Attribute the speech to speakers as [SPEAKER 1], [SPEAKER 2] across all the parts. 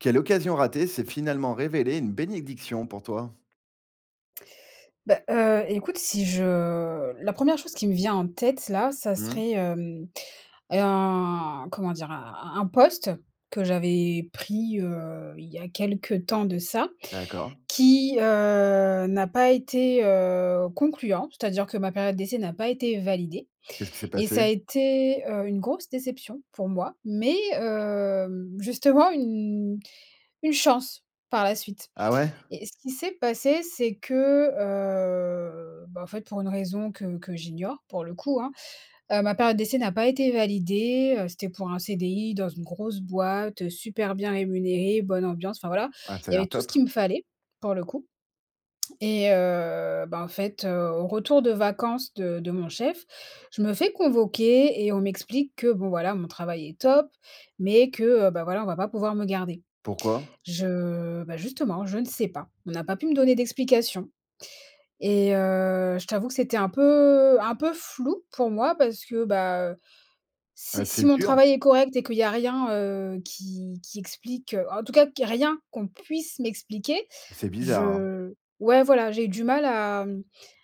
[SPEAKER 1] Quelle occasion ratée s'est finalement révélée une bénédiction pour toi?
[SPEAKER 2] Bah, heu, écoute si je la 1re chose qui me vient en tête là, ça
[SPEAKER 1] Mmh.
[SPEAKER 2] serait hem, un, comment dire? Un un un poste que j'avais pris, heu, il y a quelques temps de ça.
[SPEAKER 1] D'accord.
[SPEAKER 2] Qui, heu, n'a pas été, heu, concluant. C'est-à-dire que ma période d'essai n'a pas été validée
[SPEAKER 1] Qu'est-ce qui s'est
[SPEAKER 2] et ça
[SPEAKER 1] passé?
[SPEAKER 2] a été, heu, une grosse déception pour moi, mais, heu, justement une une chance, par la suite.
[SPEAKER 1] Ah ouais?
[SPEAKER 2] Et ce qui s'est passé, c'est que, heu, bah, en fait pour une raison que que j'ignore, pour le coup, hein, heu, ma période d'essai n'a pas été validée. Heu, c'était pour un CDI dans une grosse boîte, heu, super bien rémunéré, bonne ambiance. Enfin voilà,
[SPEAKER 1] Ouais, ça a
[SPEAKER 2] il y avait
[SPEAKER 1] l'air
[SPEAKER 2] tout ce
[SPEAKER 1] top.
[SPEAKER 2] qu'il me fallait, pour le coup. Et, heu, bah, en fait, heu, au retour de vacances de de mon chef. Je me fais convoquer et on m'explique que bon, voilà, mon travail est top, mais que, heu, bah, voilà, on va pas pouvoir me garder.
[SPEAKER 1] Pourquoi?
[SPEAKER 2] Je bah, justement je ne sais pas. On n'a pas pu me donner d'explications et, heu, je t'avoue que c'était un peu un peu flou pour moi parce que, bah, heu,
[SPEAKER 1] Ah,
[SPEAKER 2] si si
[SPEAKER 1] c'est
[SPEAKER 2] mon
[SPEAKER 1] dur.
[SPEAKER 2] travail est correct et qu'il y a rien, heu, qui qui explique en tout cas que rien qu'on puisse m'expliquer.
[SPEAKER 1] C'est bizarre, hein.
[SPEAKER 2] Je ouais voilà j'ai du mal à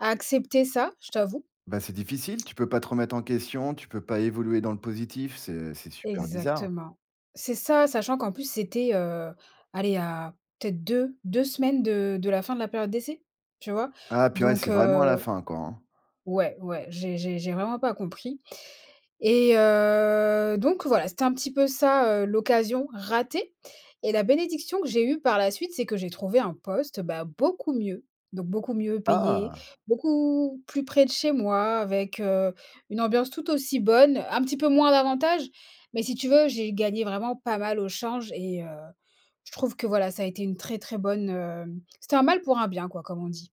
[SPEAKER 2] à accepter ça, je t'avoue.
[SPEAKER 1] Bah, c'est difficile. Tu peux pas te remettre en question, tu peux pas évoluer dans le positif, c'est c'est super bizarre.
[SPEAKER 2] Exactement. C'est ça, sachant qu'en plus c'était, heu, aller à peut-être 2 2 semaines de de la fin de la période d'essai, tu vois?
[SPEAKER 1] Ah purée,
[SPEAKER 2] Donc,
[SPEAKER 1] c'est vraiment à la
[SPEAKER 2] heu
[SPEAKER 1] fin, quoi, hein.
[SPEAKER 2] ouais, ouais, j'ai j'ai j'ai vraiment pas compris. Et, heu, donc voilà, c'était un petit peu ça, heu, l'occasion ratée. Et la bénédiction que j'ai eue par la suite, c'est que j'ai trouvé un poste, bah, beaucoup mieux. Donc beaucoup mieux payé,
[SPEAKER 1] Ah!
[SPEAKER 2] beaucoup plus près de chez moi, avec, heu, une ambiance tout aussi bonne, un petit peu moins d'avantages. Mais si tu veux, j'ai gagné vraiment pas mal au change et, heu, je trouve que voilà, ça a été une très très bonne, heu c'était un mal pour un bien, quoi, comme on dit.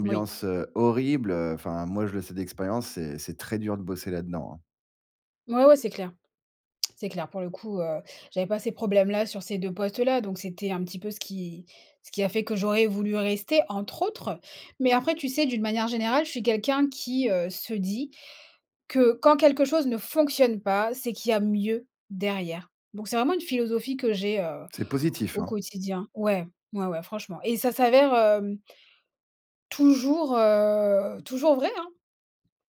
[SPEAKER 2] Moui. Ouais, ouais. C'est clair c'est clair. Pour le coup, heu, j'avais pas ces problèmes-là sur ces 2 postes-là, donc c'était un petit peu ce qui ce qui a fait que j'aurais voulu rester, entre autres. Mais après tu sais d'une manière générale, je suis quelqu'un qui, heu, se dit que quand quelque chose ne fonctionne pas, c'est qu'il y a mieux derrière. Donc c'est vraiment une philosophie que j'ai, heu,
[SPEAKER 1] C'est positif,
[SPEAKER 2] au
[SPEAKER 1] hein.
[SPEAKER 2] quotidien. Ouais, ouais, ouais. Franchement et ça s'avère, hem toujours, heu, toujours vrai, hein,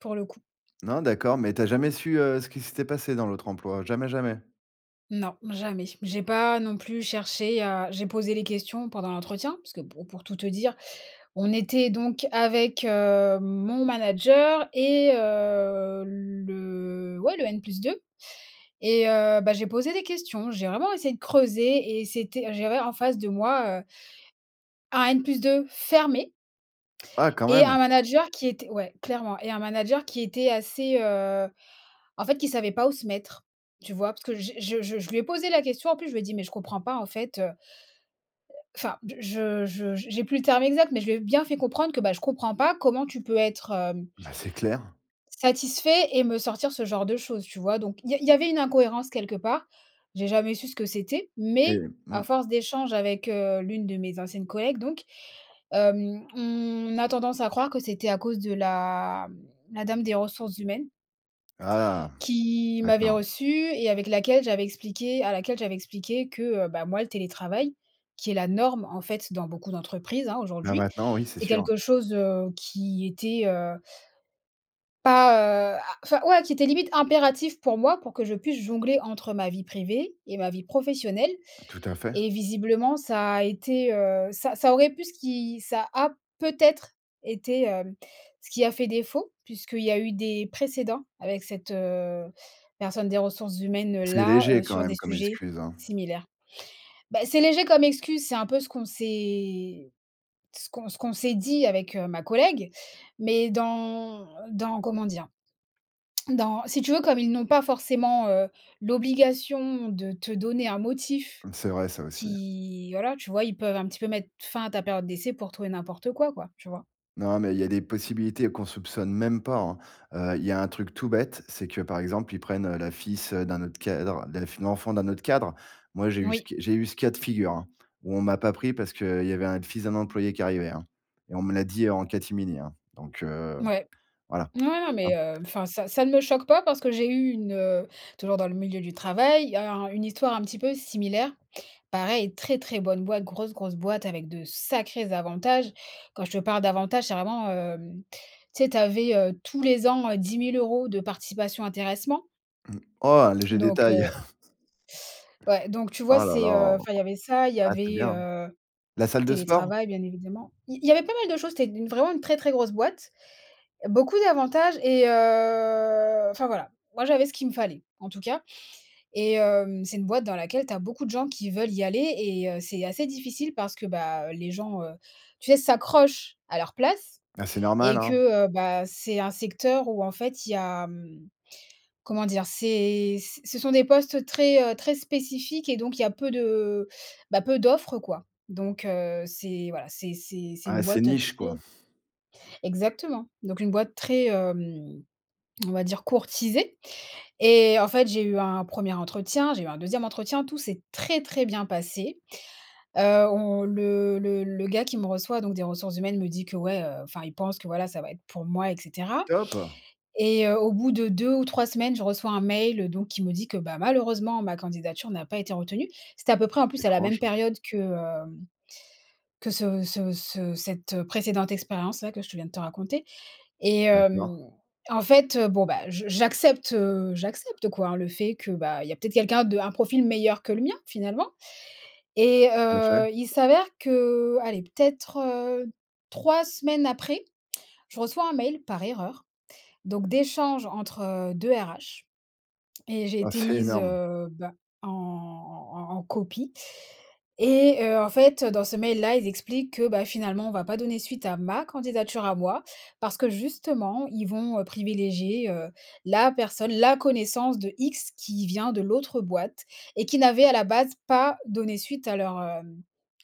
[SPEAKER 2] pour le coup.
[SPEAKER 1] Non. D'accord, mais t'as jamais su, heu, ce qui s'était passé dans l'autre emploi, jamais, jamais?
[SPEAKER 2] Non. Jamais. J'ai pas non plus cherché à j'ai posé les questions pendant l'entretien parce que po pour tout te dire, on était donc avec, heu, mon manager et heu, le, ouais le N+2 et heu, bah, j'ai posé des questions, j'ai vraiment essayé de creuser et c'était, j'avais en face de moi, heu un N+2 fermé.
[SPEAKER 1] Ah quand
[SPEAKER 2] Et
[SPEAKER 1] même.
[SPEAKER 2] un manager qui était ouais clairement. Et un manager qui était assez, heu, en fait, qui savait pas où se mettre, tu vois? Parce que j'ai je je je lui ai posé la question, en plus. Je lui ai dit: «Mais je comprends pas en fait». Enfin je je j'ai plus le terme exact, mais je lui ai bien fait comprendre que, bah, je comprends pas comment tu peux être, hem
[SPEAKER 1] Bah, c'est clair.
[SPEAKER 2] satisfait et me sortir ce genre de choses. Tu vois, donc il y a il y avait une incohérence quelque part, j'ai jamais su ce que c'était
[SPEAKER 1] Mais,
[SPEAKER 2] mais
[SPEAKER 1] heu,
[SPEAKER 2] à
[SPEAKER 1] mmh.
[SPEAKER 2] force d'échanges avec, heu, l'une de mes anciennes collègues donc. Hem, on a tendance à croire que c'était à cause de la la dame des ressources humaines
[SPEAKER 1] Ah.
[SPEAKER 2] qui m'avait
[SPEAKER 1] D'accord.
[SPEAKER 2] reçu et avec laquelle j'avais expliqué, à laquelle j'avais expliqué que, heu, bah, moi le télétravail, qui est la norme, en fait, dans beaucoup d'entreprises, hein,
[SPEAKER 1] Là
[SPEAKER 2] aujourd'hui.
[SPEAKER 1] maintenant, oui, c'est
[SPEAKER 2] C'est
[SPEAKER 1] sûr.
[SPEAKER 2] quelque chose, heu, qui était, heu pas, heu, a enfin ouais qui était limite impératif pour moi, pour que je puisse jongler entre ma vie privée et ma vie professionnelle.
[SPEAKER 1] Tout à fait.
[SPEAKER 2] Et visiblement, ça a été, heu, ça ça aurait pu ce qui ça a peut-être été, hem, ce qui a fait défaut. Puisqu'il y a eu des précédents avec cette, heu, personne des ressources
[SPEAKER 1] C'est
[SPEAKER 2] humaines-là,
[SPEAKER 1] léger
[SPEAKER 2] heu,
[SPEAKER 1] quand
[SPEAKER 2] sur des
[SPEAKER 1] même comme
[SPEAKER 2] sujets
[SPEAKER 1] excuse, hein.
[SPEAKER 2] similaires. Bah, c'est léger comme excuse, c'est un peu ce qu'on s'est, ce qu'on s ce qu'on s'est dit avec ma collègue mais dans dans, comment dire? Dans, si tu veux comme ils n'ont pas forcément, heu, l'obligation de te donner un motif
[SPEAKER 1] C'est vrai, ça aussi ouais.
[SPEAKER 2] qui, voilà tu vois. Ils peuvent un petit peu mettre fin à ta période d'essai pour tout et n'importe quoi, quoi. Tu vois?
[SPEAKER 1] Non, mais il y a des possibilités qu'on soupçonne même pas, hein. Heu, il y a un truc tout bête, c'est que, par exemple, ils prennent, heu, le fils, heu, d'un autre cadre, l'ef l'enfant d'un autre cadre. Moi, j'ai eu ce
[SPEAKER 2] Oui.
[SPEAKER 1] c j'ai eu ce cas de figure, hein, où on m'a pas pris parce qu'il y avait un fils d'un employé qui arrivait, hein, et on me l'a dit en catimini, hein. Donc, heu,
[SPEAKER 2] Ouais.
[SPEAKER 1] voilà,
[SPEAKER 2] Ouais, non,
[SPEAKER 1] tu
[SPEAKER 2] mais,
[SPEAKER 1] vois?
[SPEAKER 2] heu, enfin ça ça ne me choque pas parce que j'ai eu une, heu, toujours dans le milieu du travail, alors, heu, une histoire un petit peu similaire. Pareil, très, très bonne boîte, grosse, grosse boîte avec de sacrés avantages. Quand je te parle d'avantages, c'est vraiment, hem, tu sais, tu avais, heu, tous les ans, heu, 10 000 € de participation intéressement.
[SPEAKER 1] Mmh. Oh, un léger
[SPEAKER 2] Donc,
[SPEAKER 1] détail.
[SPEAKER 2] heu. Ouais donc tu vois?
[SPEAKER 1] Ah là là!
[SPEAKER 2] C'est heu, enfin il y avait ça, il y
[SPEAKER 1] Ah, c'est
[SPEAKER 2] avait,
[SPEAKER 1] bien hein?
[SPEAKER 2] heu,
[SPEAKER 1] La salle de sport?
[SPEAKER 2] télétravail, bien évidemment. I il y avait pas mal de choses té d une vraiment une très, très grosse boîte, beaucoup d'avantages et, heu, enfin voilà. Moi j'avais ce qu'il me fallait, en tout cas. Et hem, c'est une boîte dans laquelle tu as beaucoup de gens qui veulent y aller et heu, c'est assez difficile parce que, bah, les gens, heu, tu sais, s'accrochent à leur place
[SPEAKER 1] Ben, c'est normal,
[SPEAKER 2] et que,
[SPEAKER 1] hein?
[SPEAKER 2] heu, bah, c'est un secteur où en fait il y a, hem, comment dire? C'est c ce sont des postes très, heu, très spécifiques et donc il y a peu de bah, peu d'offres quoi. Donc, heu, c'est voilà, c'est c'est c'est une
[SPEAKER 1] Ah, c'est
[SPEAKER 2] boîte, heu,
[SPEAKER 1] niche quoi?
[SPEAKER 2] très Exactement. Donc une boîte très, hem, on va dire courtisée et heu, en fait j'ai eu un 1er entretien, j'ai eu un 2e entretien. Tout s'est très, très bien passé. Heu, on le le le gars qui me reçoit, donc des ressources humaines, me dit que ouais, heu, enfin il pense que voilà ça va être pour moi et cetera.
[SPEAKER 1] Top!
[SPEAKER 2] Et heu, au bout de 2 ou 3 semaines je reçois un mail, heu, donc qui me dit que, bah, malheureusement ma candidature n'a pas été retenue. C'était à peu près en plus à la même
[SPEAKER 1] Étrange.
[SPEAKER 2] période que, heu, que ce ce ce cette, heu, précédente expérience là, que je te viens de te raconter. Et hem,
[SPEAKER 1] D'accord.
[SPEAKER 2] en fait, heu, bon bah, je j'accepte, heu, j'accepte quoi, le fait que, bah, il y a peut-être quelqu'un de un profil meilleur que le mien finalement. Et,
[SPEAKER 1] Tout à
[SPEAKER 2] heu,
[SPEAKER 1] fait.
[SPEAKER 2] il s'avère que, allez, peut-être, heu, 3 semaines après, je reçois un mail par erreur, donc d'échanges entre 2 RH et j'ai
[SPEAKER 1] Ah,
[SPEAKER 2] été
[SPEAKER 1] c'est
[SPEAKER 2] mise,
[SPEAKER 1] énorme!
[SPEAKER 2] heu, bah, en en en copie et heu, en fait, heu, dans ce mail là, ils expliquent que, bah, finalement on va pas donner suite à ma candidature à moi parce que justement, ils vont, heu, privilégier, heu, la personne, la connaissance de X, qui vient de l'autre boîte et qui n'avait à la base pas donné suite à leur, heu,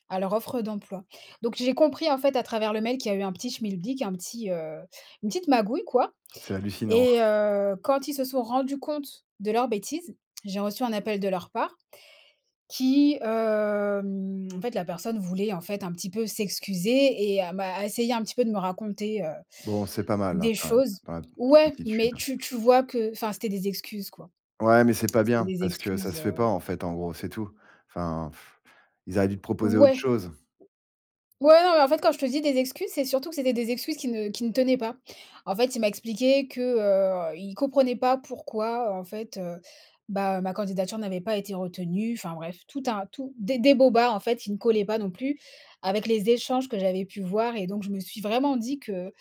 [SPEAKER 2] à leur offre d'emploi. Donc j'ai compris en fait à travers le mail qu'il y a eu un petit schmilblick, un petit, heu, une petite magouille quoi
[SPEAKER 1] C'est hallucinant!
[SPEAKER 2] et heu, quand ils se sont rendus compte de leur bêtise, j'ai reçu un appel de leur part qui hem, en fait la personne voulait, en fait, un petit peu s'excuser et à m'a essayé un petit peu de me raconter, heu,
[SPEAKER 1] Bon, c'est pas mal, hein,
[SPEAKER 2] des
[SPEAKER 1] quand même?
[SPEAKER 2] choses
[SPEAKER 1] [unintelligible]
[SPEAKER 2] ouais, mais
[SPEAKER 1] attitude.
[SPEAKER 2] tu tu vois que enfin c'étaient des excuses quoi.
[SPEAKER 1] Ouais, mais c'est pas
[SPEAKER 2] C'étaient
[SPEAKER 1] bien,
[SPEAKER 2] des
[SPEAKER 1] parce que ça
[SPEAKER 2] excuses,
[SPEAKER 1] se fait pas,
[SPEAKER 2] heu.
[SPEAKER 1] en fait, en gros, c'est tout. Enfin, ils auraient dû te proposer autre
[SPEAKER 2] Ouais!
[SPEAKER 1] chose.
[SPEAKER 2] Ouais, non, mais, en fait, quand je te dis des excuses, c'est surtout que c'était des excuses qui ne qui ne tenaient pas. En fait il m'a expliqué que, heu, il comprenait pas pourquoi en fait, heu, bah, ma candidature n'avait pas été retenue enfin bref, tout un tout des des bobards en fait, qui ne collaient pas non plus avec les échanges que j'avais pu voir. Et donc je me suis vraiment dit que,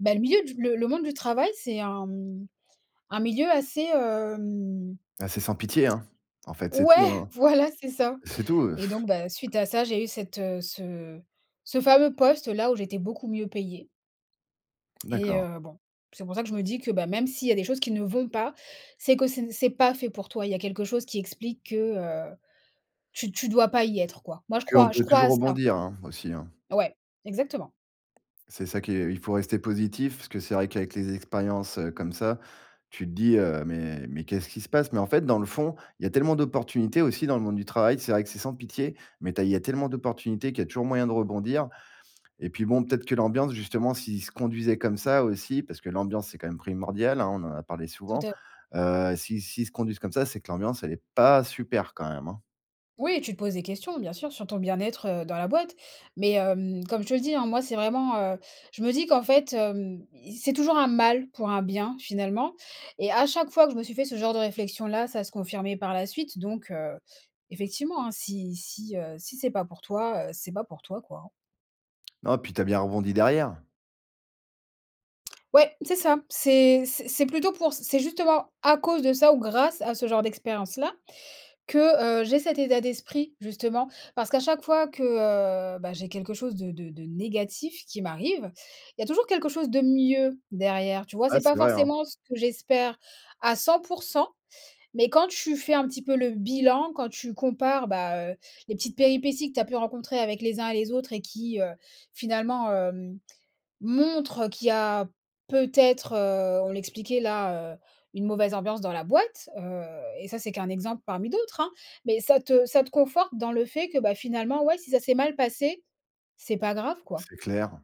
[SPEAKER 2] bah, le milieu du le le monde du travail c'est un, hem, un milieu assez hem
[SPEAKER 1] Ah, c'est sans pitié, hein? En fait c'est tout,
[SPEAKER 2] ouais!
[SPEAKER 1] hein,
[SPEAKER 2] Voilà, c'est ça.
[SPEAKER 1] c'est tout, heu.
[SPEAKER 2] Et donc, bah, suite à ça j'ai eu cette, heu, ce ce fameux poste là où j'étais beaucoup mieux payée. Et
[SPEAKER 1] D'accord.
[SPEAKER 2] heu, bon, c'est pour ça que je me dis que, bah, même s'il y a des choses qui ne vont pas, c'est que c'est ne c'est pas fait pour toi! Il y a quelque chose qui explique que, heu, tu tu dois pas y être quoi. Moi je
[SPEAKER 1] Qu'on
[SPEAKER 2] crois je
[SPEAKER 1] peut
[SPEAKER 2] crois à
[SPEAKER 1] toujours
[SPEAKER 2] ça.
[SPEAKER 1] rebondir, hein, aussi hein?
[SPEAKER 2] Ouais. Exactement!
[SPEAKER 1] C'est ça qui est il faut rester positif, parce que c'est vrai qu'avec les expériences, heu, comme ça, tu te dis heu: «Mais, mais qu'est-ce qui se passe?» Mais, en fait, dans le fond, il y a tellement d'opportunités aussi dans le monde du travail, c'est vrai que c'est sans pitié, mais tu as il y a tellement d'opportunités qu'il y a toujours moyen de rebondir. Et puis, bon, peut-être que l'ambiance justement s'ils se conduisaient comme ça aussi parce que l'ambiance c'est quand même primordial, hein? On en a parlé
[SPEAKER 2] Tout
[SPEAKER 1] souvent.
[SPEAKER 2] à
[SPEAKER 1] Heu, s'ils s'ils se conduisent comme ça, c'est que l'ambiance elle est pas super, quand même, hein?
[SPEAKER 2] Oui! Tu te poses des questions, bien sûr, sur ton bien-être, heu, dans la boîte, mais hem, comme je te le dis, hein, moi, c'est vraiment, heu, je me dis qu'en fait, hem: «I c'est toujours un mal pour un bien finalement» et à chaque fois que je me suis fait ce genre de réflexion là ça se confirmait par la suite donc, heu, effectivement, hein, si si, heu, si c'est pas pour toi, heu, c'est pas pour toi, quoi, hein.
[SPEAKER 1] Non, puis tu as bien rebondi derrière.
[SPEAKER 2] Ouais! C'est ça, c'est c'est c'est plutôt pour c c'est justement à cause de ça ou grâce à ce genre d'expérience là que, heu, j'ai cet état d'esprit justement, parce qu'à chaque fois que, heu, bah, j'ai quelque chose de de de négatif qui m'arrive, il y a toujours quelque chose de mieux derrière tu vois,
[SPEAKER 1] Ouais,
[SPEAKER 2] c'est
[SPEAKER 1] c'est
[SPEAKER 2] pas
[SPEAKER 1] vrai, hein.
[SPEAKER 2] forcément ce que j'espère à 100 % mais quand tu fais un petit peu le bilan, quand tu compares, bah, heu, les petites péripéties que tu as pu rencontrer avec les uns et les autres et qui, heu, finalement hem, montrent, qu'il y a peut-être, heu, on l'expliquait là, heu, une mauvaise ambiance dans la boîte, heu, et ça c'est qu'un exemple parmi d'autres, hein, mais ça te ça te conforte dans le fait que, bah, finalement, ouais, si ça s'est mal passé, c'est pas grave quoi.
[SPEAKER 1] C'est clair.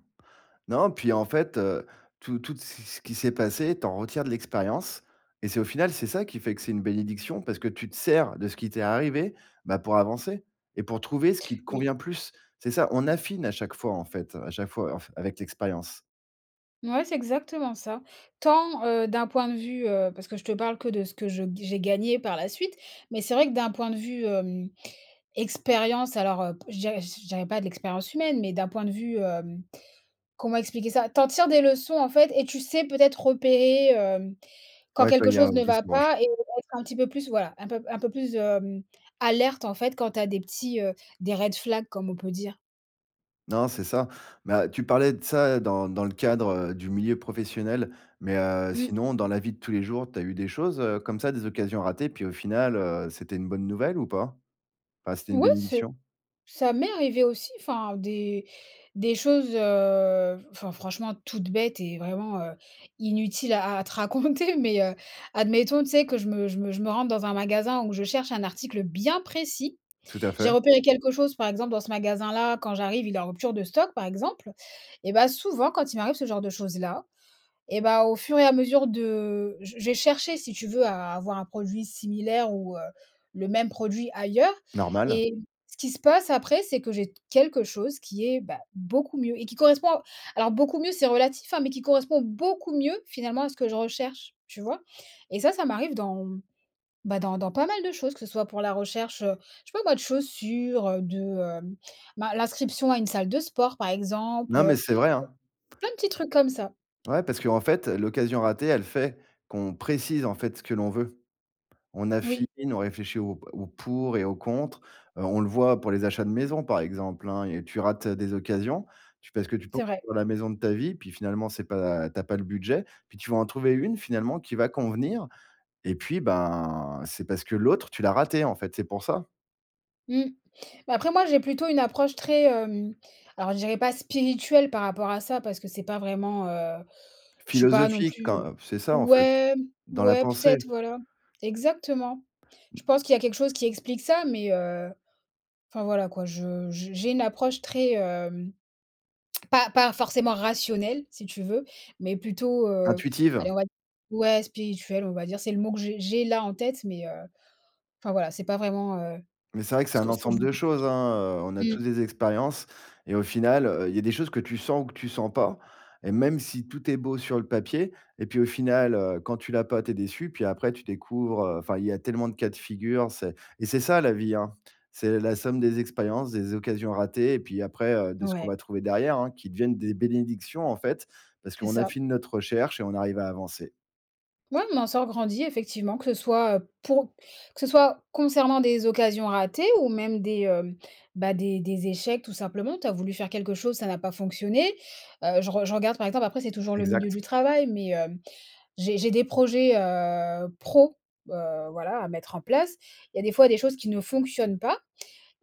[SPEAKER 1] Non, puis, en fait, heu, tout, toutes, c ce qui s'est passé, tu en retires de l'expérience et c'est au final, c'est ça qui fait que c'est une bénédiction, parce que tu te sers de ce qui t'est arrivé, bah, pour avancer et pour trouver ce qui te
[SPEAKER 2] Oui.
[SPEAKER 1] convient plus. C'est ça, on affine à chaque fois en fait, heu, à chaque fois en f avec l'expérience.
[SPEAKER 2] Mouais, c'est exactement ça. Tant, heu, d'un point de vue, heu parce que je te parle que de ce que je j'ai gagné par la suite. Mais c'est vrai que, d'un point de vue, hem, expérience alors, heu, je dirais je dirais pas de l'expérience humaine, mais d'un point de vue, hem, comment expliquer ça? Tu en tires des leçons en fait, et tu sais peut-être repérer, hem, quand
[SPEAKER 1] Ouais, que il y a
[SPEAKER 2] quelque-chose ne
[SPEAKER 1] anguille
[SPEAKER 2] va
[SPEAKER 1] sous roche.
[SPEAKER 2] pas et être un petit peu plus voilà, un peu un peu plus, hem, alerte en fait, quand tu as des petits, heu, des red flags, comme on peut dire.
[SPEAKER 1] Non, c'est ça ben, tu parlais de ça dans dans le cadre, heu, du milieu professionnel mais, heu,
[SPEAKER 2] Mmh.
[SPEAKER 1] sinon, dans la vie de tous les jours, tu as eu des choses, heu, comme ça, des occasions ratées puis au final, heu, c'était une bonne nouvelle ou pas? Enfin, c'était une
[SPEAKER 2] Oui c'est
[SPEAKER 1] bénédiction?
[SPEAKER 2] ça m'est arrivé aussi, enfin des des choses, heu, enfin franchement, toutes bêtes et vraiment, heu, inutiles à à te raconter. Mais, heu, admettons, tu sais que je me je me je me rende dans un magasin où je cherche un article bien précis.
[SPEAKER 1] Tout à
[SPEAKER 2] J'ai
[SPEAKER 1] fait.
[SPEAKER 2] repéré quelque chose, par exemple, dans ce magasin-là. Quand j'arrive, il est en rupture de stock, par exemple. Et bah, souvent, quand il m'arrive ce genre de choses-là, et bah, au fur et à mesure de j j'ai cherché, si tu veux à avoir un produit similaire ou, heu, le même produit ailleurs.
[SPEAKER 1] Normal.
[SPEAKER 2] Et ce qui se passe après, c'est que j'ai quelque chose qui est bah, beaucoup mieux et qui correspond à alors beaucoup mieux, c'est relatif hein, mais qui correspond beaucoup mieux, finalement, à ce que je recherche, tu vois? Et ça, ça m'arrive dans ben, dans dans pas mal de choses. Que ce soit pour la recherche, heu, je sais pas moi, de chaussures, heu, de, hem, ben l'inscription à une salle de sport, par exemple,
[SPEAKER 1] Non
[SPEAKER 2] heu.
[SPEAKER 1] mais c'est vrai hein.
[SPEAKER 2] Pleins de petits trucs comme ça.
[SPEAKER 1] Ouais, parce qu'en fait, l'occasion ratée, elle fait qu'on précise, en fait, ce que l'on veut. On affine,
[SPEAKER 2] Oui.
[SPEAKER 1] on réfléchit au au pour et au contre, heu. On le voit pour les achats de maison, par exemple hein, et tu rates des occasions, tu parce que tu penses
[SPEAKER 2] C'est vrai.
[SPEAKER 1] trouver la maison de ta vie, puis finalement c'est pas tu as pas le budget, puis tu vas en trouver une finalement qui va convenir. Et puis ben, c'est parce que l'autre, tu l'as ratée en fait, c'est pour ça.
[SPEAKER 2] Mmh. Bah, après, moi, j'ai plutôt une approche très, hem, alors je dirais pas spirituelle par rapport à ça, parce que c'est pas vraiment, heu, je suis pas non
[SPEAKER 1] Philosophique
[SPEAKER 2] plus,
[SPEAKER 1] quand,
[SPEAKER 2] heu
[SPEAKER 1] heu. C'est ça, en fait.
[SPEAKER 2] ouais,
[SPEAKER 1] Dans la
[SPEAKER 2] ouais, peut
[SPEAKER 1] pensée.
[SPEAKER 2] être, voilà. Exactement. Je pense qu'il y a quelque chose qui explique ça, mais, heu, enfin voilà quoi je j j'ai une approche très, hem, pas pas forcément rationnelle si tu veux, mais plutôt, heu.
[SPEAKER 1] Intuitive.
[SPEAKER 2] Allez on va d ouais spirituelle on va dire, c'est le mot que j'ai j'ai là en tête mais, heu, enfin voilà, c'est pas vraiment, heu,
[SPEAKER 1] Mais c'est vrai que c'est
[SPEAKER 2] ce
[SPEAKER 1] un
[SPEAKER 2] que ce que je
[SPEAKER 1] ensemble
[SPEAKER 2] voulais
[SPEAKER 1] de choses,
[SPEAKER 2] expliquer.
[SPEAKER 1] hein. Heu, on a
[SPEAKER 2] Mmh.
[SPEAKER 1] tous des expériences et au final, heu, il y a des choses que tu sens ou que tu sens pas. Et même si, tout est beau sur le papier et puis au final, heu, quand tu l'as pas, tu es déçu. Puis après, tu découvres, heu, enfin, il y a tellement de cas de figure, c'est et c'est ça la vie, hein. C'est la somme des expériences, des occasions ratées, et puis après, heu, de ce qu'on
[SPEAKER 2] Ouais.
[SPEAKER 1] va trouver derrière, hein, qui deviennent des bénédictions, en fait, parce
[SPEAKER 2] C'est
[SPEAKER 1] qu'on a
[SPEAKER 2] ça.
[SPEAKER 1] fini notre recherche et on arrive à avancer.
[SPEAKER 2] Ouais. On en sort grandi effectivement, que ce soit, heu, pour que ce soit concernant des occasions ratées ou même des, heu, bah, des des échecs tout simplement. Tu as voulu faire quelque chose, ça n'a pas fonctionné. Heu, je re je regarde, par exemple, après c'est toujours le milieu
[SPEAKER 1] Exact.
[SPEAKER 2] du travail, mais, hem. J'ai j'ai des projets, heu, pro, heu, voilà à mettre en place. Il y a des fois des choses qui ne fonctionnent pas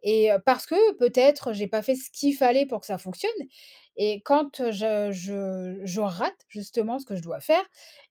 [SPEAKER 2] et, heu, parce que peut-être j'ai pas fait ce qu'il fallait pour que ça fonctionne et quand, heu, je je je rate justement ce que je dois faire,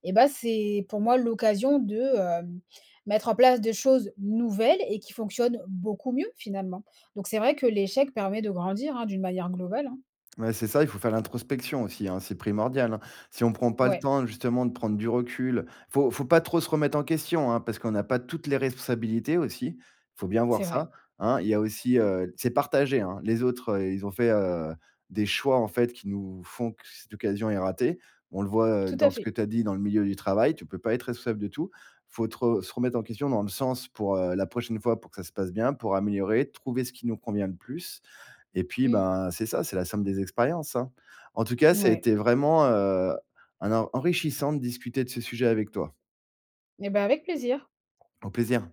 [SPEAKER 2] et bah, c'est pour moi l'occasion de, hem, mettre en place des choses nouvelles et qui fonctionnent beaucoup mieux finalement. Donc, c'est vrai que l'échec permet de grandir, hein, d'une manière globale, hein.
[SPEAKER 1] Ouais, c'est ça. Il faut faire l'introspection aussi, hein. C'est primordial, hein. Si on prend pas le
[SPEAKER 2] Ouais.
[SPEAKER 1] temps justement de prendre du recul, heu, faut faut pas trop se remettre en question, hein. Parce qu'on a pas toutes les responsabilités aussi, il faut bien voir
[SPEAKER 2] C'est vrai.
[SPEAKER 1] ça. Hein. Il y a aussi, heu, c'est partagé, hein. Les autres, heu, ils ont fait, heu, des choix en fait qui nous font que cette occasion est ratée. On le voit, heu,
[SPEAKER 2] Tout à
[SPEAKER 1] dans ce
[SPEAKER 2] fait.
[SPEAKER 1] que tu as dit dans le milieu du travail, tu peux pas être responsable de tout. Il faut te re se remettre en question dans le sens pour, heu, la prochaine fois pour que ça se passe bien, pour améliorer, trouver ce qui nous convient le plus. Et puis,
[SPEAKER 2] Mmh.
[SPEAKER 1] bah, c'est ça, c'est la somme des expériences, hein. En tout cas, ça a
[SPEAKER 2] Mouais.
[SPEAKER 1] été vraiment, heu, un en enrichissant de discuter de ce sujet avec toi.
[SPEAKER 2] Et bah, avec plaisir.
[SPEAKER 1] Au plaisir.